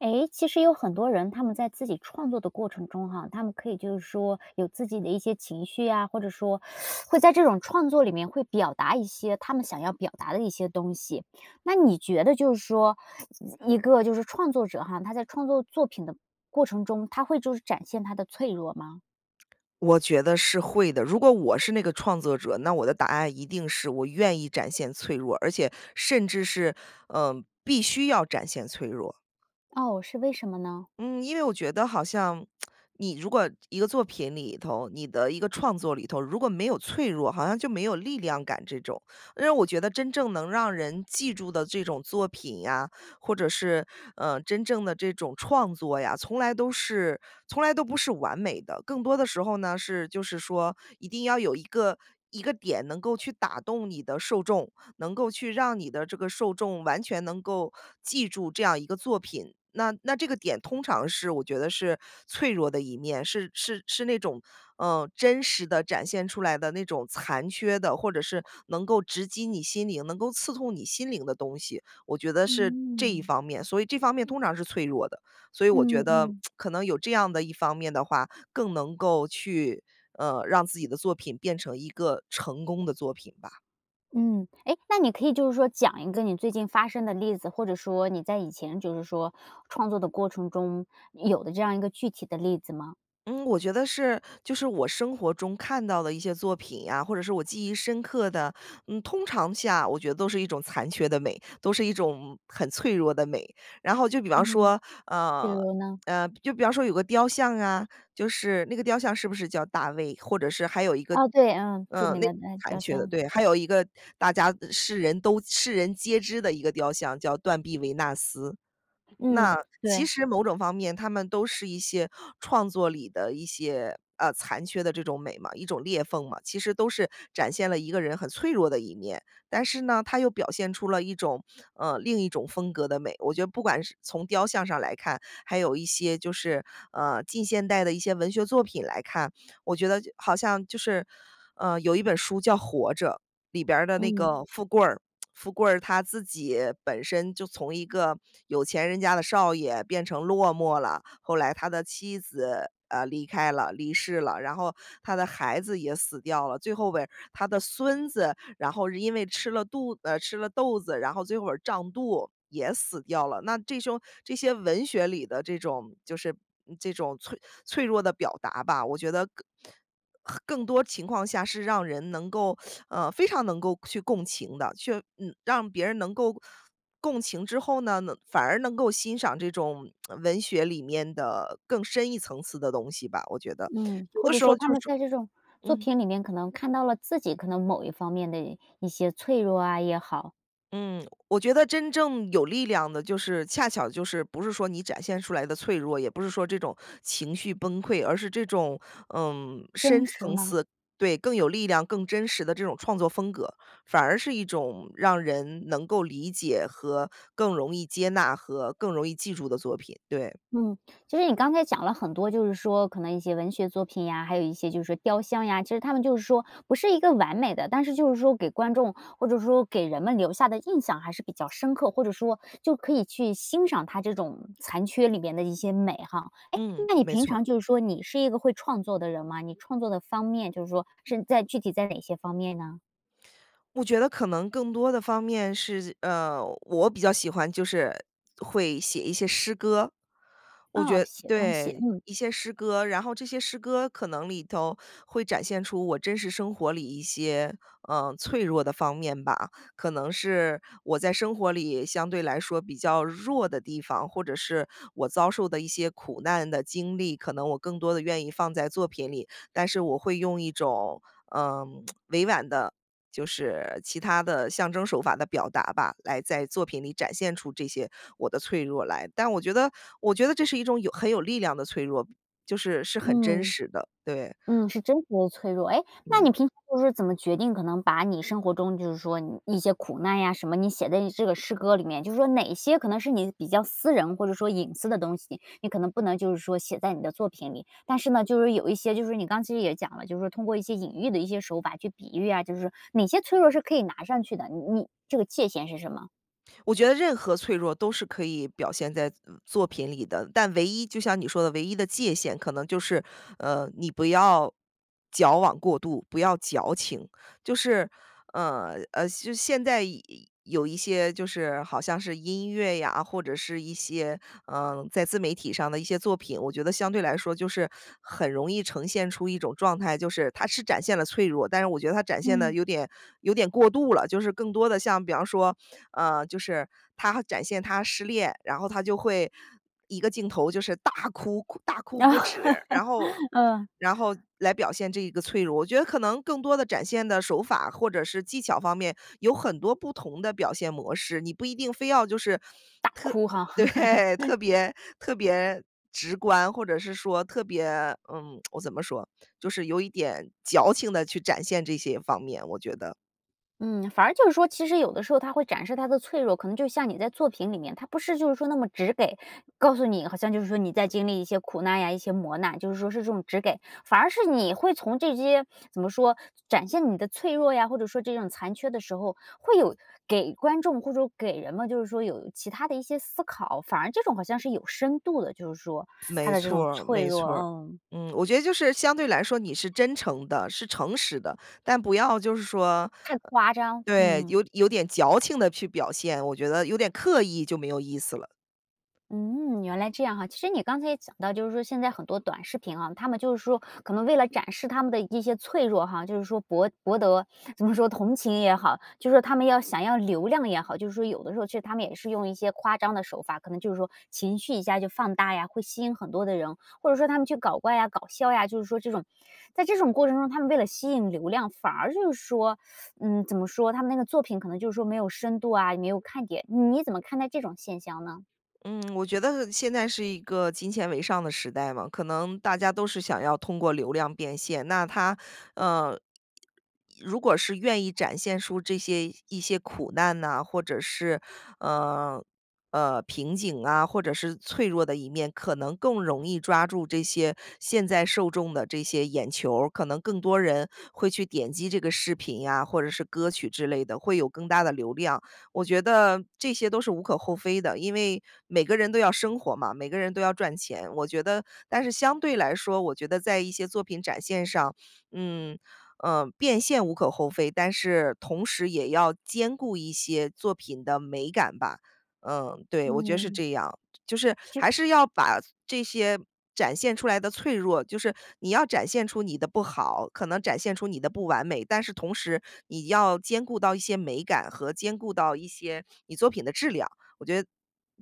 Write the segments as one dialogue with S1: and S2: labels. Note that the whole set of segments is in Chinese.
S1: 诶，其实有很多人他们在自己创作的过程中哈，他们可以就是说，有自己的一些情绪呀，或者说 会在这种创作里面，会表达一些他们想要表达的一些东西。那你觉得就是说，一个就是创作者哈，他在创作作品的过程中，他会就是展现他的脆弱吗？
S2: 我觉得是会的，如果我是那个创作者，那我的答案一定是我愿意展现脆弱，而且甚至是，呃，必须要展现脆弱。
S1: 哦，是为什么呢？
S2: 嗯，因为我觉得好像，你如果一个作品里头，你的一个创作里头，如果没有脆弱，好像就没有力量感这种。因为我觉得真正能让人记住的这种作品呀，或者是，呃，真正的这种创作呀，从来都是从来都不是完美的。更多的时候呢，是就是说一定要有一个一个点，能够去打动你的受众，能够去让你的这个受众，完全能够记住这样一个作品。那那这个点通常是我觉得是脆弱的一面，是是是那种，呃，真实地展现出来的那种残缺的，或者是能够直击你心灵，能够刺痛你心灵的东西。我觉得是这一
S1: 嗯。
S2: 方面，所以这方面通常是脆弱的，所以我
S1: 嗯
S2: 觉得
S1: 嗯。
S2: 可能有这样的一方面的话，更能够去，呃，让自己的作品变成一个成功的作品吧。
S1: 嗯，诶，那你可以就是说讲一个你最近发生的例子，或者说你在以前就是说创作的过程中，有的这样一个具体的例子吗？
S2: 嗯，我觉得是就是我生活中看到的一些作品啊，或者是我记忆深刻的，嗯，通常下我觉得都是一种残缺的美，都是一种很脆弱的美。然后就比方
S1: 嗯，
S2: 说，
S1: 比
S2: 呃，
S1: 如呢？
S2: 呃，就比方说有个雕像啊，就是那个雕像是不是叫大卫？或者是还有一个
S1: 哦，对，嗯，著
S2: 嗯，
S1: 名
S2: 那
S1: 的那
S2: 残
S1: 雕
S2: 缺的，
S1: 像。
S2: 对。还有一个大家世人都世人皆知的一个雕像，叫“断臂维纳斯”。
S1: 嗯，
S2: 那其
S1: 对。
S2: 实某种方面，它们都是一些创作里的一些呃，残缺的这种美嘛，一种裂缝嘛，其实都是展现了一个人很脆弱的一面。但是呢，它又表现出了一种呃，另一种风格的美。我觉得不管是从雕像上来看，还有一些就是，呃，近现代的一些文学作品来看，我觉得就好像就是，呃，有一本书叫《活着》，里边儿的那
S1: 嗯。
S2: 个富贵儿，富贵儿他自己本身，就从一个有钱人家的少爷，变成落寞了，后来他的妻子，啊，离开了离世了。然后他的孩子也死掉了，最后边儿，他的孙子，然后是因为吃了肚呃，吃了豆子，然后最后会儿胀肚，也死掉了。那这凶这些文学里的这种就是嗯，这种脆脆弱的表达吧，我觉得更很更多情况下是让人能够 呃，非常能够去共情的。去嗯，让别人能够共情之后呢，能反而能够欣赏这种 文学里面的更深一层次的东西吧，我觉得。
S1: 嗯，
S2: 有
S1: 或
S2: 的
S1: 者
S2: 时候
S1: 说他
S2: 就
S1: 们
S2: 是
S1: 在这种作
S2: 嗯。
S1: 品里面，可能看到了自己可能某一方面的一些脆弱啊也好。
S2: 嗯，我觉得真正有力量的就是恰巧就是，不是说你展现出来的脆弱，也不是说这种情绪崩溃，而是这种，呃，
S1: 真
S2: 深
S1: 实
S2: 层
S1: 吗？
S2: 次对，更有力量、更真实的这种创作风格，反而是一种让人能够理解，和更容易接纳，和更容易记住的作品，对。
S1: 嗯，其实你刚才讲了很多，就是说可能一些文学作品呀，还有一些就是说雕像呀，其实它们就是说，不是一个完美的，但是就是说给观众，或者说给人们留下的印象还是比较深刻，或者说，就可以去欣赏它这种残缺里面的一些美哈。哎，
S2: 嗯，
S1: 那你
S2: 没
S1: 平
S2: 错儿。
S1: 常就是说，你是一个会创作的人吗？你创作的方面，就是说是在具体在哪些方面呢？
S2: 我觉得可能更多的方面是呃，我比较喜欢就是会写一些诗歌。我
S1: 哦，
S2: 觉
S1: 写东西，
S2: 对，
S1: 嗯。
S2: 一些诗歌。然后这些诗歌，可能里头会展现出，我真实生活里一些，呃，脆弱的方面吧。可能是我在生活里，相对来说比较弱的地方，或者是我遭受的一些苦难的经历。可能我更多地愿意放在作品里，但是我会用一种，呃，委婉的就是其它的象征手法的表达吧，来在作品里展现出这些我的脆弱来。但我觉得我觉得这是一种有很有力量的脆弱，就是，是很真
S1: 嗯，
S2: 实的，对。
S1: 嗯，是真实的脆弱。诶，那你
S2: 嗯。
S1: 平常就是说怎么决定，可能把你生活中就是说你一些苦难呀什么，你写在你这个诗歌里面，就是说哪些可能是你比较私人，或者说隐私的东西，你可能不能就是说写在你的作品里？但是呢，就是有一些就是你刚才其实也讲了，就是通过一些隐喻的一些手法，去比喻啊，就是哪些脆弱是可以拿上去的，你你这个界限是什么？
S2: 我觉得任何脆弱都是可以表现在，嗯，作品里的，但唯一就像你说的唯一的界限，可能就是，呃，你不要矫枉过度，不要矫情。就是呃呃就现在有有一些就是好像是音乐呀，或者是一些，呃，在自媒体上的一些作品，我觉得相对来说就是很容易呈现出一种状态就是它是展现了脆弱，但是我觉得它展现得
S1: 嗯。
S2: 有点有点过度了，就是更多的像比方说，呃，就是它展现他失恋，然后它就会一个镜头就是大哭大哭不止，然后
S1: 嗯。
S2: 然后来表现这一个脆弱。我觉得可能更多的展现的手法，或者是技巧方面有很多不同的表现模式，你不一定非要就是
S1: 大
S2: 特
S1: 哭哈。
S2: 对，特 别特别直观，或者是说特别嗯，我怎么说？就是有一点矫情地去展现这些方面，我觉得。
S1: 嗯，反而就是说其实有的时候它会展示他的脆弱，可能就像你在作品里面，它不是就是说那么直给，告诉你好像就是说你在经历一些苦难呀，一些磨难，就是说是这种直给。反而是你会从这些怎么说展现你的脆弱呀，或者说这种残缺的时候，会有给观众或者给人们就是说有其它的一些思考，反而这种好像是有深度的就是说它
S2: 没
S1: 的这
S2: 错
S1: 种
S2: 儿，
S1: 脆
S2: 没
S1: 弱
S2: 错儿，
S1: 嗯。
S2: 嗯。我觉得就是相对来说你是真诚的，是诚实的，但不要就是说呃
S1: 太夸张。
S2: 对，
S1: 嗯。
S2: 有有点矫情地去表现，我觉得有点刻意就没有意思了。
S1: 嗯，原来这样哈。其实你刚才也讲到就是说现在很多短视频啊，它们就是说可能为了展示它们的一些脆弱哈，就是说博博得怎么说同情也好，就是说它们要想要流量也好，就是说有的时候其实它们也是用一些夸张的手法，可能就是说情绪一下就放大呀，会吸引很多的人，或者说它们去搞怪呀，搞笑呀就是说这种在这种过程中它们为了吸引流量，反而就是说嗯，怎么说它们那个作品可能就是说没有深度啊，没有看点。嗯你怎么看待这种现象呢？
S2: 嗯，我觉得现在是一个金钱为上的时代嘛，可能大家都是想要通过流量变现。那他呃，如果是愿意展现出这些一些苦难呐，或者是，呃，呃，瓶颈啊，或者是脆弱的一面，可能更容易抓住这些现在受众的这些眼球儿，可能更多人会去点击这个视频啊，或者是歌曲之类的，会有更大的流量。我觉得这些都是无可厚非的，因为每个人都要生活嘛，每个人都要赚钱。我觉得但是相对来说，我觉得在一些作品展现上，嗯，呃，变现无可厚非，但是同时也要兼顾一些作品的美感吧。嗯，对，我觉得是
S1: 嗯。
S2: 这样。就是
S1: 就
S2: 还是要把这些展现出来的脆弱就是你要展现出你的不好，可能展现出你的不完美，但是同时你要兼顾到一些美感，和兼顾到一些你作品的质量。我觉得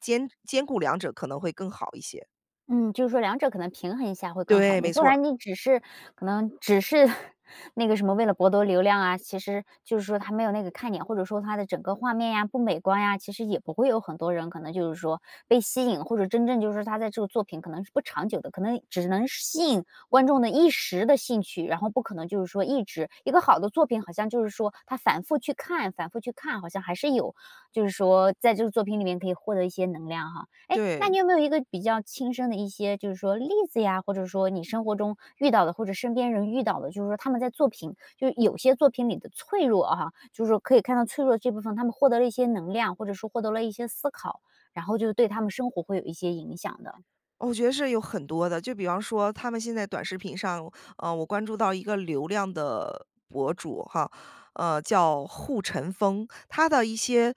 S2: 兼兼顾两者可能会更好一些。
S1: 嗯，就是说2者可能平衡一下会更好，
S2: 对，没
S1: 你不
S2: 错儿。
S1: 然你只是可能只是 那个什么为了博得流量啊，其实就是说它没有那个看点，或者说它的整个画面呀不美观呀，其实也不会有很多人可能就是说被吸引，或者真正就是说他在这个作品可能是不长久的，可能只能是吸引观众的一时的兴趣，然后不可能就是说一直一个好的作品好像就是说，它反复去看反复去看，好像还是有，就是说在这个作品里面可以获得一些能量哈。诶，那你
S2: 对。
S1: 有没有一个比较亲身的一些就是说例子呀，或者说你生活中遇到的，或者身边人遇到的，就是说他们在作品就是有些作品里的脆弱哈，就是说可以看到脆弱的这部分，他们获得了一些能量，或者说获得了一些思考，然后就对他们生活会有一些影响的？
S2: 我觉得是有很多的。就比方说他们现在短视频上，呃，我关注到一个流量的博主哈，呃，叫户晨风。他的一些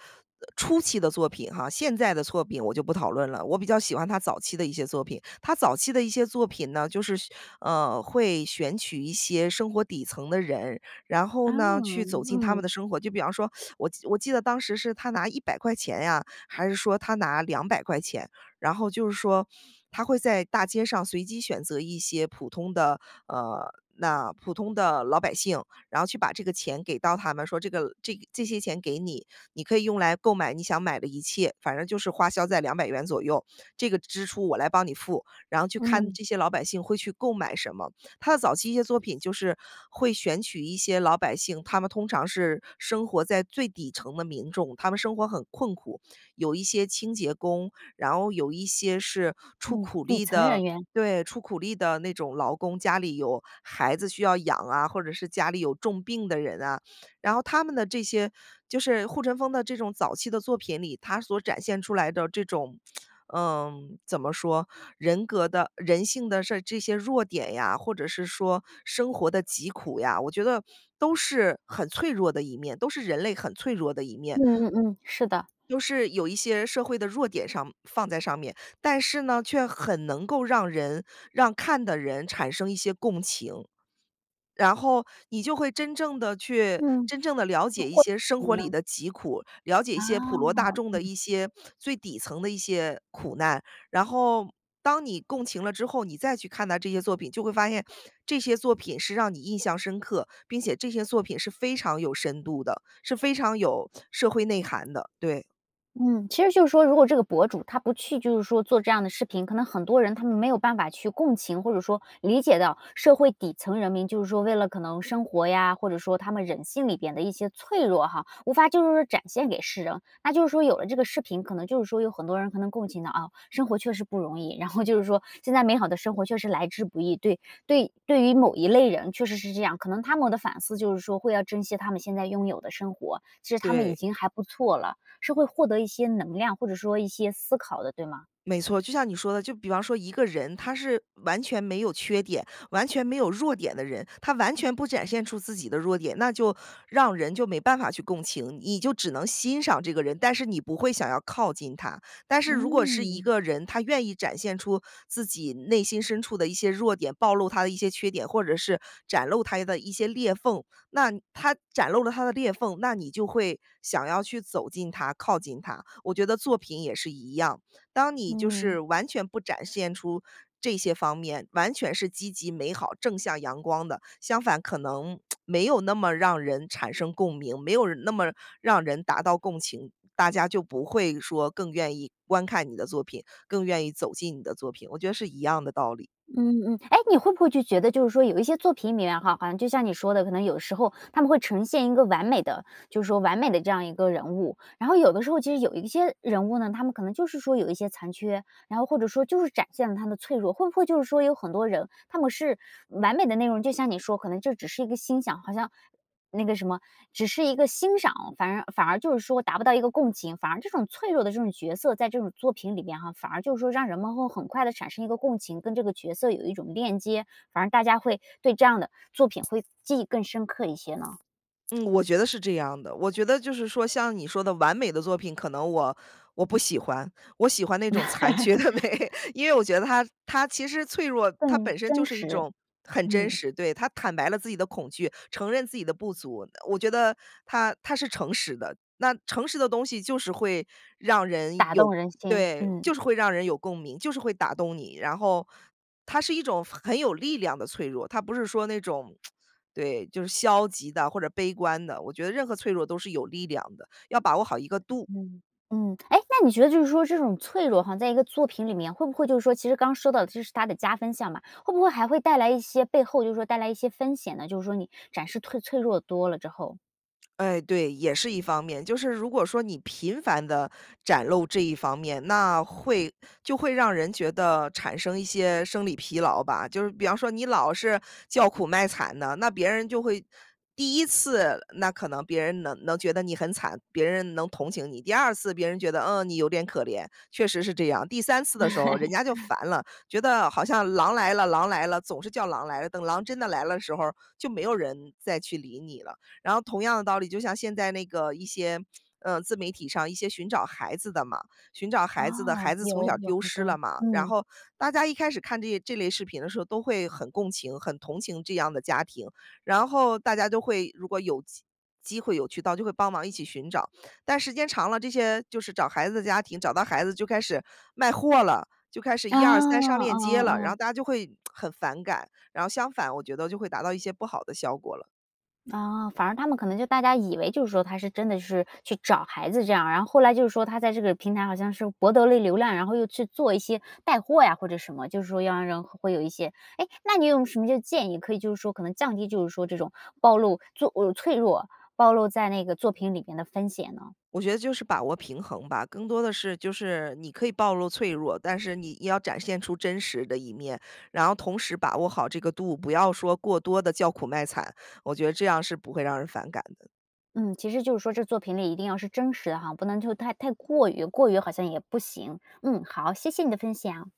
S2: 初期的作品哈，现在的作品我就不讨论了，我比较喜欢他早期的一些作品。他早期的一些作品呢，就是呃，会选取一些生活底层的人，然后
S1: 啊，
S2: 呢去走进他们的
S1: 嗯。
S2: 生活。就比方说 我我记得当时是他拿¥100呀，还是说他拿¥200，然后就是说，他会在大街上随机选择一些普通的，呃，那普通的老百姓，然后去把这个钱给到他们，说这个这这些钱给你，你可以用来购买你想买的一切。反正就是花销在¥200左右，这个支出我来帮你付，然后去看
S1: 嗯。
S2: 这些老百姓会去购买什么。他的早期一些作品就是会选取一些老百姓，他们通常是生活在最底层的民众，他们生活很困苦。有一些清洁工，然后有一些是出
S1: 嗯，
S2: 苦
S1: 底
S2: 力
S1: 层
S2: 的
S1: 人员。
S2: 对，出苦力的那种劳工，家里有孩子需要养啊，或者是家里有重病的人啊。然后他们的这些就是户晨风的这种早期的作品里，他所展现出来的这种，嗯，怎么说，人格的人性的事儿这些弱点呀，或者是说生活的疾苦呀，我觉得都是很脆弱的一面，都是人类很脆弱的一面。
S1: 嗯嗯嗯，是的。
S2: 又是有一些社会的弱点上放在上面，但是呢，却很能够让人让看的人产生一些共情。然后你就会真正地去
S1: 嗯。
S2: 真正地了解一些生活
S1: 那获得了什
S2: 里
S1: 么呢？
S2: 的疾苦，了解一
S1: 哦，
S2: 些普罗大众的
S1: 嗯。
S2: 一些最底层的一些苦难。然后当你共情了之后，你再去看待这些作品，就会发现这些作品是让你印象深刻，并且这些作品是非常有深度的，是非常有社会内涵的，对。
S1: 嗯，其实就是说如果这个博主他不去就是说做这样的视频，可能很多人他们没有办法去共情，或者说理解到社会底层人民就是说为了可能生活呀，或者说他们人性里边的一些脆弱哈，无法就是说展现给世人。那就是说有了这个视频，可能就是说有很多人可能共情到，啊，生活确实不容易，然后就是说现在美好的生活确实来之不易，对对对于某一类人确实是这样，可能他们的反思就是说会要珍惜他们现在拥有的生活，其实他们已
S2: 对。
S1: 经还不错了，是会获得一些能量或者说一些思考的，对吗？
S2: 没错，就像你说的，就比方说一个人他是完全没有缺点、完全没有弱点的人，他完全不展现出自己的弱点，那就让人就没办法去共情，你就只能欣赏这个人，但是你不会想要靠近他。但是如果是一
S1: 嗯。
S2: 个人，他愿意展现出自己内心深处的一些弱点，暴露他的一些缺点，或者是展露他的一些裂缝，那他展露了他的裂缝，那你就会想要去走近他，靠近他。我觉得作品也是一样，当你就
S1: 嗯。
S2: 是完全不展现出这些方面，完全是积极美好、正向阳光的，相反可能 没有那么让人产生共鸣，没有那么让人达到共情，大家就不会说更愿意观看你的作品，更愿意走进你的作品，我觉得是一样的道理。
S1: 嗯，嗯。诶，你会不会觉得就是说有一些作品里面哈，好像就像你说的，可能有时候它们会呈现一个完美的就是说完美的这样一个人物，然后有的时候其实有一些人物呢，他们可能就是说有一些残缺，然后或者说就是展现了他的脆弱，会不会就是说有很多人他们是完美的内容，就像你说可能就只是一个欣赏，好像那个什么只是一个欣赏，反而反而就是说达不到一个共情，反而这种脆弱的这种角色在这种作品里面哈，反而就是说让人们会很快地产生一个共情，跟这个角色有一种链接，反而大家会对这样的作品会记忆更深刻一些呢？
S2: 嗯，我觉得是这样的。我觉得就是说像你说的完美的作品，可能我我不喜欢，我喜欢那种残缺的美，因为我觉 得它它其实脆弱，它
S1: 更
S2: 本身就
S1: 真
S2: 是一
S1: 实。
S2: 种很真
S1: 嗯。
S2: 实对，它坦白了自己的恐惧，承认自己的不足，我觉得呃，它它是诚实的。那诚实的东西就是会让人
S1: 打动
S2: 有
S1: 人心，
S2: 对，
S1: 嗯。
S2: 就是会让人有共鸣，就是会打动你。然后它是一种很有力量的脆弱，它不是说那种 对，就是消极的或者悲观的，我觉得任何脆弱都是有力量的，要把握好一个度。
S1: 嗯，嗯，诶，那你觉得就是说这种脆弱哈，在一个作品里面会不会就是说其实刚说到的这是它的加分项嘛，会不会还会带来一些背后就是说带来一些风险呢，就是说你展示退脆弱多了之后？
S2: 哎，对，也是一方面，就是如果说你频繁地展露这一方面，那会就会让人觉得产生一些生理疲劳吧，就是比方说你老是叫苦卖惨的，那别人就会第1次，那可能别人能能觉得你很惨，别人能同情你；第2次，别人觉得，嗯，你有点可怜，确实是这样；第3次的时候人家就 烦了，觉得好像狼来了狼来了，总是叫狼来了，等狼真的来了的时候儿，就没有人再去理你了。然后同样的道理，就像现在那个一些，呃，自媒体上一些寻找孩子的嘛，寻找孩子的
S1: 哦，
S2: 孩子从小
S1: 有有
S2: 丢
S1: 很
S2: 失了
S1: 多，
S2: 嘛，然
S1: 嗯。
S2: 后大家一开始看这些这类视频的时候都会很共情，很同情这样的家庭。然后大家都会如果有机机会有渠道就会帮忙一起寻找，但时间长了，这些就是找孩子的家庭，找到孩子就开始卖货了，就开始
S1: 哦，
S2: 1、2、3上链接
S1: 哦哦
S2: 了，然
S1: 哦。
S2: 后大家就会 很反感，然后相反我觉得就会达到一些不好的效果了。
S1: 哦，反而他们可能就大家以为就是说他是真的是去找孩子这样，然后后来就是说他在这个平台好像是博得了流量，然后又去做一些带货呀或者什么，就是说要让人会有一些哎，那你有什么就建议，可以就是说可能降低就是说这种暴露，就哦，脆弱暴露在那个作品里面的风险呢？
S2: 我觉得就是把握平衡吧，更多的是就是你可以暴露脆弱，但是你要展现出真实的一面，然后同时把握好这个度，不要说过多地叫苦卖惨，我觉得这样是不会让人反感的。
S1: 嗯，其实就是说这作品里一定要是真实的哈，不能就太太过于，过于好像也不行。嗯，好，谢谢你的分享。